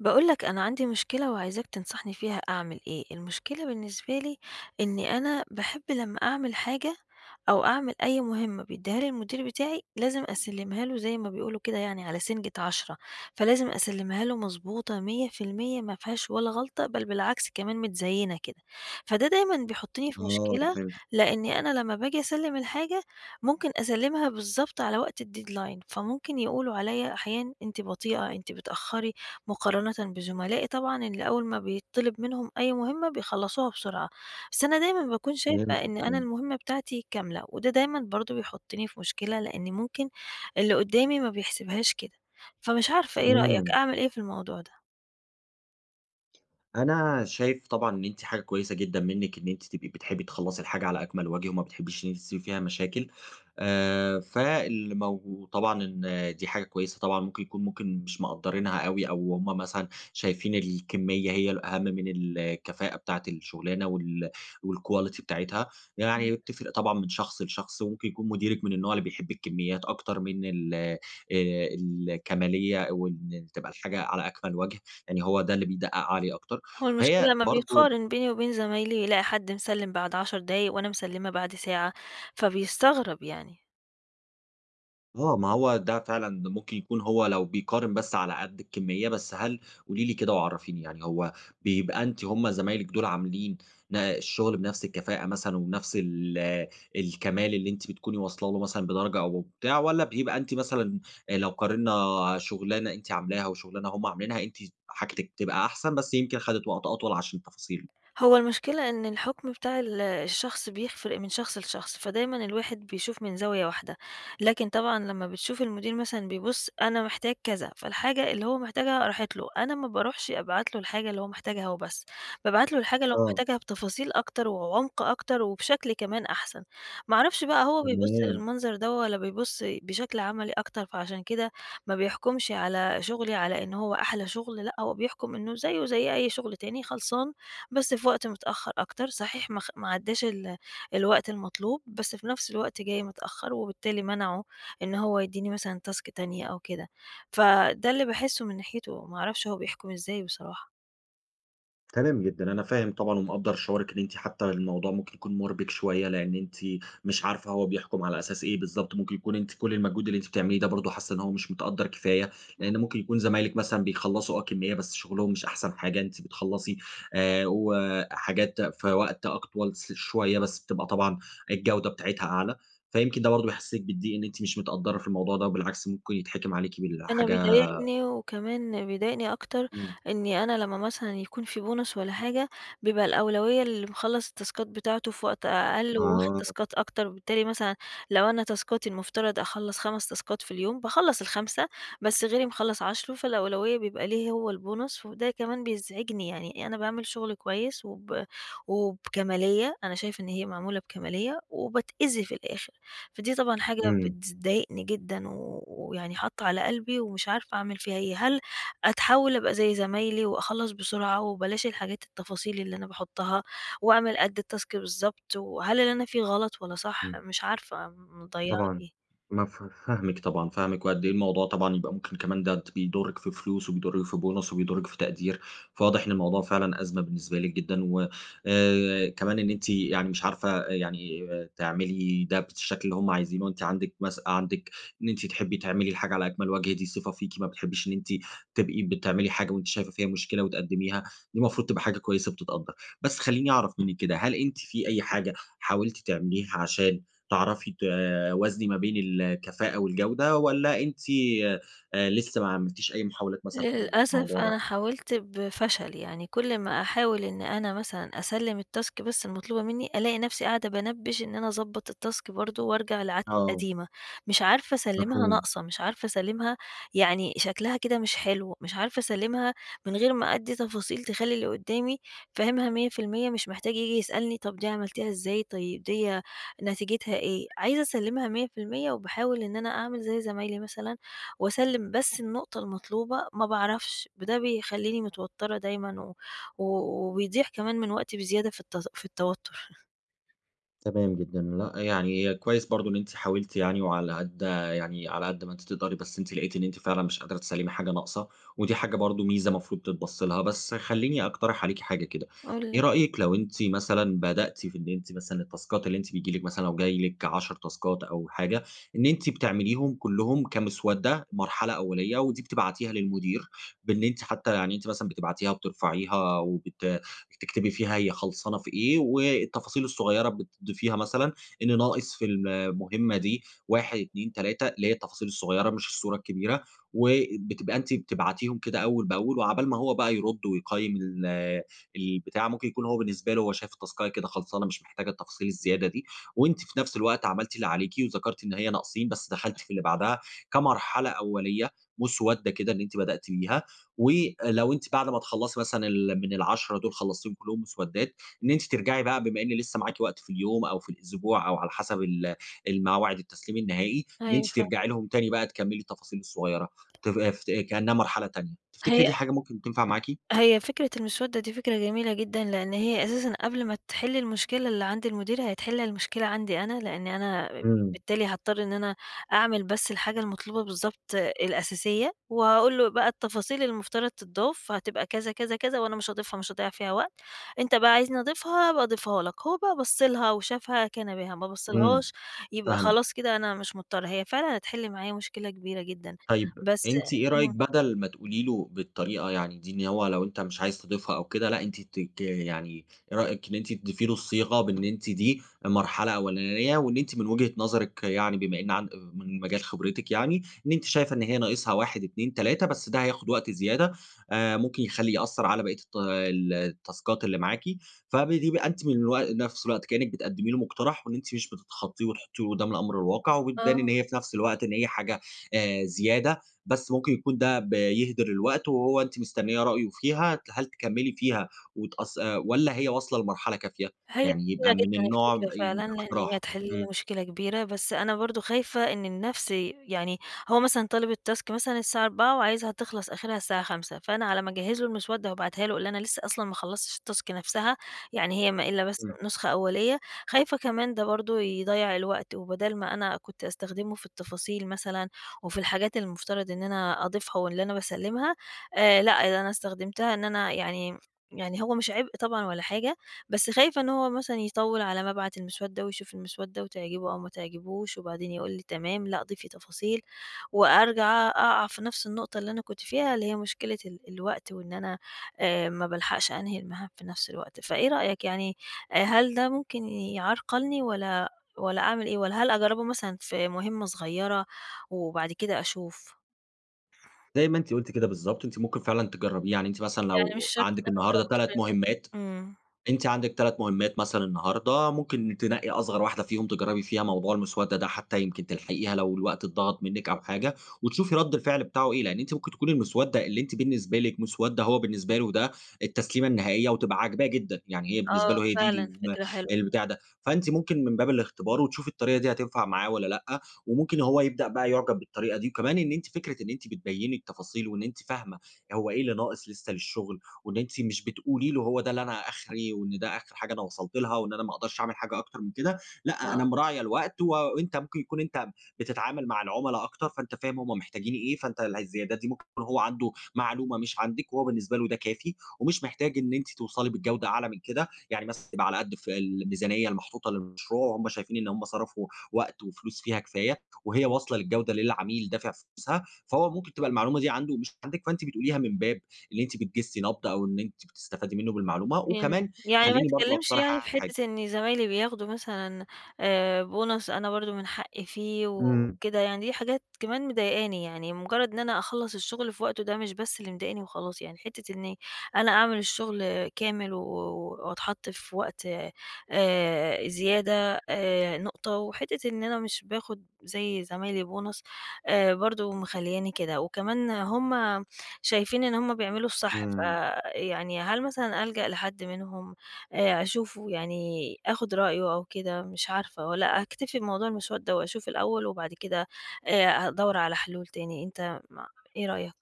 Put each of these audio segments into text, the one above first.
باقول لك أنا عندي مشكلة وعايزاك تنصحني فيها أعمل إيه، المشكلة بالنسبة لي إن أنا باحب لمّا أعمل حاجة، أو أعمل أي مهمّة بيدّيها لي المدير بتاعي، لازم أسلّمها له زي ما بيقولوا كده يعني على سنجة عشرة، فلازم أسلّمها له مضبوطة 100% ما فيهاش ولا غلطة، بل بالعكس كمان متزيّنة كده. فده دايمًا بيحطّني في آه، مشكلة فهمتِك. لإني أنا لمّا باجي اسلّم الحاجة، ممكن أسلّمها بالضبط على وقت الdeadline فممكن يقولوا عليَّ أحيانًا أنتِ بطيئة، أنتِ بتأخّري مقارنةً بزملائي، طبعًا اللي أوّل ما بيطّلب منهم أي مهمّة بيخلصوها بسرعة. بس أنا دايمًا باكون شايفة فهمتِك، إن أنا فهمتِك. المهمّة بتاعتي كاملة، وده دايمًا برضو بيحطّني في مشكلة لإن ممكن اللي قدّامي ما بيحسبهاش كده، فمش عارفة إيه رأيك إمم. أعمل إيه في الموضوع ده؟ أنا شايف طبعًا إن أنتِ حاجة كويّسة جدًا منِّك إن أنتِ تبقي بتحبي تخلّصي الحاجة على أكمل وجه، وما بتحبيش إن أنتِ تسيبي فيها مشاكل. آآ، فالمو وطبعًا دي حاجة كويّسة طبعًا ممكن يكون ممكن مش مقدّرينها أوي أو هُم مثلًا شايفين الكميّة هي الأهم من الكفاءة بتاعة الشغلانة، وال والquality بتاعتها إمم. يعني وبتفرق طبعًا من شخص لشخص، وممكن يكون مديرِك من النوع اللي بيحب الكميّات أكتر من ال آآ، الكَمالية وإن تبقى الحاجة على أكمل وجه، يعني هو ده اللي بيدقق عليه أكتر. هو المشكلة فهي لما برضو بيقارن بيني وبين زمايلي، يلاقي حد مسلّم بعد 10 دقايق، وأنا مسلّمة بعد ساعة فبيستغرب يعني. آه، ما هو ده فعلًا ممكن يكون هو لو بيقارن بس على قد الكمية، بس هل قولي لي كده وعرَّفيني يعني هو بيبقى أنتِ هم زمايلِك دول عاملين ن الشغل بنفس الكفاءة مثلًا ونفس ال الكمال اللي أنتِ بتكوني واصلة له مثلًا بدرجة أو بتاع، والّا بيبقى أنتِ مثلًا لو قارنا شغلانة أنتِ عاملاها وشغلانة هم عاملينها أنتِ حاجتكِ تبقى أحسن، بس يمكن خَدِت وقت أطول عشان تفاصيله؟ هو المشكلة إن الحُكم بتاع ال الشخص بيفرق من شخص لشخص، فدايمًا الواحد بيشوف من زاوية واحدة. لكن طبعًا لما بتشوف المدير مثلًا بيبُص أنا محتاج كذا، فالحاجة اللي هو محتاجها راحت له، أنا ما باروحش أبعت له الحاجة اللي هو محتاجها وبس، بابعت له الحاجة اللي هو آه. محتاجها بتفاصيل أكتر وعمق أكتر وبشكل كمان أحسن، ما أعرفش بقى هو بيبُص تمام. المنظر ده والَّا بيبُص بشكل عملي أكتر، فعشان كده ما بيحكُمش على شغلي على إن هو أحلى شغل لا، هو بيحكُم إنه زيه زي أي شغل تاني، خلصان بس في وقت متأخر أكتر صحيح ما خ ما عدّاش ال الوقت المطلوب، بس في نفس الوقت جاي متأخر وبالتالي منعه إن هو يديني مثلًا task تانية أو كده، فده اللي باحسه من ناحيته وما أعرفش هو بيحكم إزاي بصراحة. تمام جدًا. أنا فاهم طبعًا، ومقدّر شعورِِك إن أنتِ حتّى الموضوع ممكن يكون مُربِك شويّة، لإن أنتِ مش عارفة هو بيحكُم على أساس إيه بالضبط. ممكن يكون أنتِ كل المجهود اللي أنتِ بتعمليه ده برضه حاسّة إن هو مش متقدّر كفاية، لإنّ [unintelligible] ممكن يكون زمايلِك مثلًا بيخلّصوا آه كمّية، بس شغلهم مش أحسن حاجة. أنتِ بتخلّصي آآ وحاجات في وقت أك طول س شويّة، بس بتبقى طبعًا الجودة بتاعتها أعلى. فيمكن ده برضه بيحسّسِك بالضّيق، إن أنتِ مش متقدّرة في الموضوع ده، وبالعكس ممكن يتحِكِم عليكِ أنا بالحاجة بيضايقني، وكمان بيضايقني أكتر، إمم. إنّي أنا لمّا مثلًا يكون في بُونص والّا حاجة، بيبقى الأولوية للي مخلّص التاسكات بتاعته في وقت أقل، وواخد آه. تاسكات أكتر، وبالتالي مثلًا لو أنا تاسكاتي المُفتَرَض أخلّص 5 تاسكات في اليوم، باخلّص ال5، بس غيري مخلّص 10، فالأولوية بيبقى ليه هو البونص. وده كمان بيزعجني، يعني أنا باعمل شغل كويس، وب وبكمالية. أنا شايفة إن هي معمولة بكمالية، وباتأذي في الآخر. فدي طبعًا حاجة إمم. بتذ ضايقني جدًا، و و ويعني حاطّة على قلبي، ومش عارفة أعمل فيها إيه؟ هل أتحوّل أبقى زي زمايلي، وأخلّص بسرعة، وبلاش الحاجات التفاصيل اللي أنا باحطها، وأعمل قد التاسك بالضبط؟ وهل اللي أنا فيه غلط، والّا صح؟ إمم. مش عارفة م مضيّعة طبعًا. إيه؟ مفه فاهمِك طبعًا. فاهمِك، وقد إيه الموضوع طبعًا يبقى ممكن كمان ده بيضُرِّك في فلوس، وبيضُرِّك في بُونص، وبيضُرِّك في تقدير. فواضح إن الموضوع فعلًا أزمة بالنسبة لِك جدًا، و آآ كمان إن أنتِ يعني مش عارفة يعني تعملي ده بالشكل اللي هم عايزينه. أنتِ عندِك مس عندِك إن أنتِ تحبّي تعملي الحاجة على أكمَل وَجه. دي صفة فيكِ، ما بتحبّيش إن أنتِ تبقي بتعملي حاجة، وأنتِ شايفة فيها مشكلة، وتقدّميها. دي المفروض تبقى حاجة كويّسة بتتقدّر. بس خلّيني أعرف منِّك كده، هل أنتِ في أي حاجة حاولتِ تعمليها عشان تعرفي توازني ما بين الكفاءة، والجودة؟ والّا أنتِ آآ لسّه ما عملتيش أي محاولات مثلًا في للأسف الموضوع ده؟ أنا حاولت بفشل. يعني كل ما أحاول إن أنا مثلًا أسلّم التاسك بس المطلوبة منّي، ألاقي نفسي قاعدة بانبّش إن أنا أضبّط التاسك برضه، وارجع لعادتي آه. القديمة. مش عارفة أسلّمها مفهوم. ناقصة، مش عارفة أسلّمها يعني شكلها كده مش حلو، مش عارفة أسلّمها من غير ما أدّي تفاصيل تخلّي اللي قدّامي فاهمها 100%، مش محتاج ييجي يسألني، طب دي عملتيها إزاي؟ طيب ديّة نتيجتها إيه؟ عايزة أسلّمها 100% وباحاول إن أنا أعمل زي زمايلي مثلًا، وأسلّم بس النقطة المطلوبة، ما باعرفش. ب ده بيخلّيني متوتّرة دايمًا، و و وبيضيع كمان من وقتي بزيادة في الت في التوتّر. تمام جدًا، لأ، يعني كويس برضه إن أنتِ حاولتِ يعني، وعلى قد يعني على قد ما أنتِ تقدري، بس أنتِ لقيتِ إن أنتِ فعلًا مش قادرة تسلمي حاجة ناقصة، ودي حاجة برضه ميزة مفروض تتبص لها. بس خلِّيني أقترح عليكِ حاجة كده، قل إيه لي. رأيكِ لو أنتِ مثلًا بدأتِ في إن أنتِ مثلًا التاسكات اللي أنتِ بييجي لِك مثلًا، لو جاي لِك 10 تاسكات أو حاجة، إن أنتِ بتعمليهم كلهم كمسودة، مرحلة أولية، ودي بتبعتيها للمدير، بأن أنتِ حتى يعني أنتِ مثلًا بتبعتيها بترفعيها وبت بتكتبي فيها هي خلصانة في إيه، والتفاصيل الصغيرة بتضيفيها مثلًا إن ناقص في المهمة دي 1، 2، 3، اللي هي التفاصيل الصغيرة مش الصورة الكبيرة. وبتبقى أنتِ بتبعتيهم كده أول بأول، وعقبال ما هو بقى يرد ويقيم ال البتاع، ممكن يكون هو بالنسبة له شايف التسكاية كده خلصانة، مش محتاجة التفاصيل الزيادة دي، وأنتِ في نفس الوقت عملتِ اللي عليكِ وذكرتِ إن هي ناقصين، بس دخلتِ في اللي بعدها كمرحلة أولية، مسودة كده أن أنتِ بدأتِ بيها. ولو أنتِ بعد ما تخلّصِ مثلًا ال من ال10 دول خلصتيهم كلهم مسودات، إن أنتِ ترجعي بقى، بما إن لسه معاكِ وقت في اليوم أو في الأسبوع أو على حسب ال الموعد التسليم النهائي، إن أنتِ أيوه، فاهمة. ترجعي لهم تاني بقى، تكمّلي التفاصيل الصغيرة، تففت كأنها مرحلة تانية. تفتكري هي دي حاجة ممكن تنفع معاكِ؟ هي فكرة المسودة دي فكرة جميلة جدًا، لأن هي أساسًا قبل ما تحل المشكلة اللي عند المدير، هتحل المشكلة عندي أنا، لأنِ أنا إمم. بالتالي هاضطر إن أنا أعمل بس الحاجة المطلوبة بالضبط الأساسية، وأقول له بقى التفاصيل المفترض تضاف فهتبقى كذا كذا كذا، وأنا مش هاضيفها، مش هاضيع فيها وقت. أنت بقى عايزني أضيفها أبقى اضيفها لك، هو بقى بص لها و شافها كان بها، ما بص إمم، لهاش يبقى فاهمِك. خلاص كده أنا مش مضطرة. هي فعلًا هتحل معايا مشكلة كبيرة جدًا، طيب، بس أنتِ إيه رأيكِ همم. بدل ما تقولي له بالطريقة يعني دي، إن هو لو أنتِ مش عايز تضيفها أو كده، لا، أنتِ ت ت يعني إيه رأيكِ إن أنتِ تضيفي له الصيغة بإن أنتِ دي مرحلة أولانية، وإن أنتِ من وجهة نظرِك، يعني بما إن عن من مجال خبرتِك يعني، إن أنتِ شايفة إن هي ناقصها 1، 2، 3، بس ده هياخد وقت زيادة آآ، ممكن يخليه يأثر على باقية الط ال التاسكات اللي معاكِ. فبيبقى أنتِ من الوق نفس الوقت كأنِك بتقدمي له مقترح، وأن أنتِ مش بتتخطيه وتحطيه قدام الأمر الواقع، وبتبان إن آه. هي في نفس الوقت إن هي حاجة آآ، زيادة، بس ممكن يكون ده بيهدر الوقت، وهو أنتِ مستنية رأيه فيها، هل تكمّلي فيها وتقص آآ، والّا هي واصلة لمرحلة كافية؟ هي يعني يبقى جميلة من جدًا النوع الفكرة باين فعلًا، لأن هي الاقتراح، هتحل لي إمم. مشكلة كبيرة، بس أنا برضو خايفة إن النفس يعني هو مثلًا طالب الtask مثلًا الساعة 16:00 وعايزها تخلص آخرها الساعة 17:00، فأنا على ما أجهز له المسودة وأبعتها له، وأقول له أنا لسه أصلًا ما خلصتش الtask نفسها، يعني هي ما إلا بس إمم. نسخة أولية. خايفة كمان ده برضه يضيع الوقت، وبدال ما أنا كنت أستخدمه في التفاصيل مثلًا وفي الحاجات المفترض إن أنا أضيفها واللي أنا باسلمها، آآ، لا، ده أنا استخدمتها إن أنا يعني يعني هو مش عبء طبعًا ولا حاجة، بس خايفة إن هو مثلًا يطوّل على ما ابعت المسودة ويشوف المسودة وتعجبه أو ما تعجبهوش، وبعدين يقول لي تمام، لا، ضيفي تفاصيل، وأرجع أق أقع في نفس النقطة اللي أنا كُنت فيها، اللي هي مشكلة ال الوقت وإن أنا آآ، ما بالحقش أنهي المهام في نفس الوقت. فإيه رأيك يعني؟ آآ، هل ده ممكن يعرقلني والّا والّا أعمل إيه؟ والّا هل أجربه مثلًا في مهمة صغيرة وبعد كده أشوف؟ زي ما أنتِ قلتِ كده بالضبط، أنتِ ممكن فعلًا تجربيه، يعني أنتِ مثلًا يعني مش لو شرط عندِك أنا النهاردة أجرب 3 [unintelligible] مهمات آمم. أنتِ عندك 3 مهمات مثلًا النهاردة، ممكن تنقي أصغر واحدة فيهم تجربي فيها موضوع المسودة ده، حتى يمكن تلحقيها لو الوقت أتضغط منكِ أو حاجة، وتشوفي رد الفعل بتاعه إيه. لأن أنتِ ممكن تكون المسودة اللي أنتِ بالنسبة لكِ مسودة، هو بالنسبة له ده التسليمة النهائية، وتبقى عاجباه جدًا، يعني هي بالنسبة آه، له هي دي فعلًا الن فكرة حلوة. البتاع ده. فأنتِ ممكن من باب الاختبار وتشوفي الطريقة دي هتنفع معاه والّا لأ، وممكن هو يبدأ بقى يُعجب بالطريقة دي. وكمان إن أنتِ فكرة أنتِ بتبيني التفاصيل، وأن أنتِ فاهمة هو إيه اللي ناقص لسه للشغل، وأن أنتِ مش بتقولي له هو ده اللي أنا آخري وإن ده آخر حاجة أنا وصلت لها وإن أنا ما أقدرش أعمل حاجة أكتر من كده، لأ، آه. أنا مراعية الوقت، وأنت ممكن يكون أنت بتتعامل مع العملا أكتر، فأنت فاهم هم محتاجين إيه، فأنت اله الزيادات دي ممكن يكون هو عنده معلومة مش عندِك، وهو بالنسبة له ده كافي ومش محتاج إن أنتِ توصلي بالجودة أعلى من كده، يعني مثلًا تبقى على قد الف الميزانية المحطوطة للمشروع، وهم شايفين إن هم صرفوا وقت وفلوس فيها كفاية وهي واصلة للجودة اللي العميل دافع فلوسها، فهو ممكن تبقى المعلومة دي عنده مش عندِك، فأنتِ بتقوليها من باب إن أنتِ بتجسي نبض أو أن أنتِ بتستفادي منه بالمعلومة. امم، وكمان يعني ما خليني برضه اتكلمش اقترح يعني في عليكِ حاجة حتة إن زمايلي بياخدوا مثلًا آآ، bonus أنا برضه من حقي فيه إمم. وكده، يعني دي حاجات كمان مضيقاني، يعني مجرد إن أنا أخلَّص الشغل في وقته ده مش بس اللي مضايقني وخلاص، يعني حتة إني أنا أعمل الشغل كامل و و وأتحط في وقت آآ، زيادة آآ، نقطة، وحتة إن أنا مش باخد زي زمايلي bonus آآ، برضو مخلياني كده. وكمان هم شايفين إن هم بيعملوا الصح، إمم. فيعني هل مثلًا ألجأ لحد منهم آآ، أشوفه، يعني آخد رأيه أو كده؟ مش عارفة، والّا أكتفي بموضوع المسودة وأشوف الأول وبعد كده آآ، أدور على حلول تاني؟ أنت ما إيه رأيك؟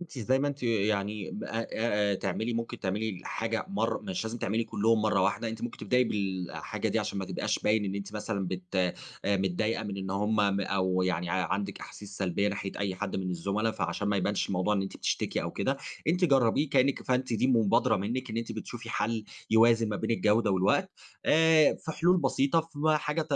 أنتِ زي ما أنتِ يعني ب آآ، تعملي ممكن تعملي الحاجة مرة، مش لازم تعملي كلهم مرة واحدة، أنتِ ممكن تبدأي بالحاجة دي عشان ما تبقاش باين إن أنتِ مثلًا بت آآ، متضايقة من إن هم أو يعني عندِك أحاسيس سلبية ناحية أي حد من الزملا، فعشان ما يبانش الموضوع إن أنتِ بتشتِكي أو كده، أنتِ جربيه كأنك فأنتِ دي مبادرة منك أن أنتِ بتشوفي حل يوازن ما بين الجودة والوقت. آآ، في حلول بسيطة، في حاجات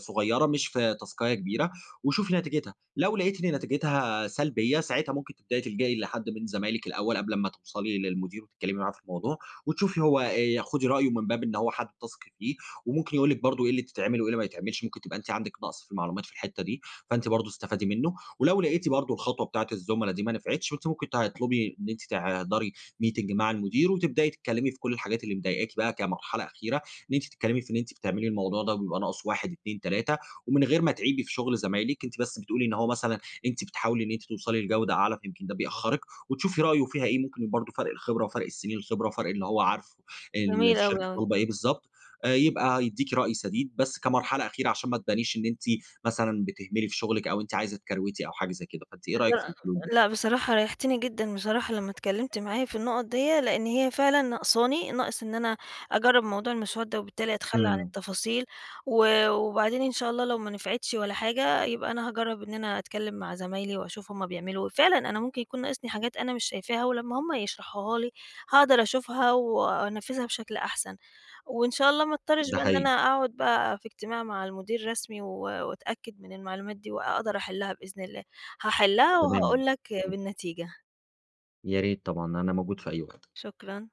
صغيرة، مش في تاسكاية كبيرة، وشوفي نتيجتها. لو لقيتِ إن نتيجتها سلبية، ساعتها ممكن تبدأي تلجأي لحد من زمايلِك الأول قبل ما توصلي للمدير وتتكلمي معاه في الموضوع، وتشوفي هو آآ، خُدي رأيه من باب إن هو حد تثقي فيه وممكن يقول لكِ برضه إيه اللي تتعمل وإيه اللي ما يتعملش، ممكن تبقى أنتِ عندك نقص في المعلومات في الحتة دي، فأنتِ برضه استفادي منه. ولو لقيتِ برضه الخطوة بتاعة الزملا دي ما نفعتش، ما أنتِ ممكن تطلبي إن أنتِ تحضرِي meeting مع المدير وتبدأي تتكلمي في كل الحاجات اللي مضايقكي بقى كمرحلة أخيرة، إن أنتِ تتكلمي في إن أنتِ بتعملي الموضوع ده وبيبقى ناقصه 1، 2، 3، ومن غير ما تعيبي في شغل زمايلِك، أنتِ بس بتقولي إن هو مثلًا أنتِ بتحاولي إن أنتِ توصلي لجودة أعلى، فيمكن ده بيأخرِك، وتشوفي رأيه فيها إيه. ممكن برضه فرق الخبرة وفرق السنين الخبرة وفرق اللي هو عارف ال جميل أوي، الشركة أوي. طالبة إيه بالضبط آآ، يبقى يديكِ رأي سديد، بس كمرحلة أخيرة عشان ما تبانيش إن أنتِ مثلًا بتهملي في شغلِك أو أنتِ عايزة تكروتي أو حاجة زي كده. فأنتِ إيه رأيك في لا، الحلول دي؟ لا، بصراحة ريحتني جدًا بصراحة لما اتكلمت معايا في النقط ديّة، لأن هي فعلًا نقصاني، ناقص إن أنا أجرب موضوع المسودة وبالتالي أتخلى عن إمم. التفاصيل، و وبعدين إن شاء الله لو ما نفعتش ولا حاجة يبقى أنا هاجرب إن أنا أتكلم مع زمايلي وأشوف هم بيعملوا إيه، فعلًا أنا ممكن يكون ناقصني حاجات أنا مش شايفاها ولما هم يشرحوها لي هاقدر أشوفها وأنفذها بشكل أحسن، وإن شاء الله ما اضطرش ده بقى إن أنا حقيقي. أقعد بقى في اجتماع مع المدير رسمي، و وأتأكد من المعلومات دي وأقدر أحلها بإذن الله، هاحلها تمام. وهقول لك [unintelligible] بالنتيجة. يا ريت، طبعًا. أنا موجود في أي وقت. شكرًا.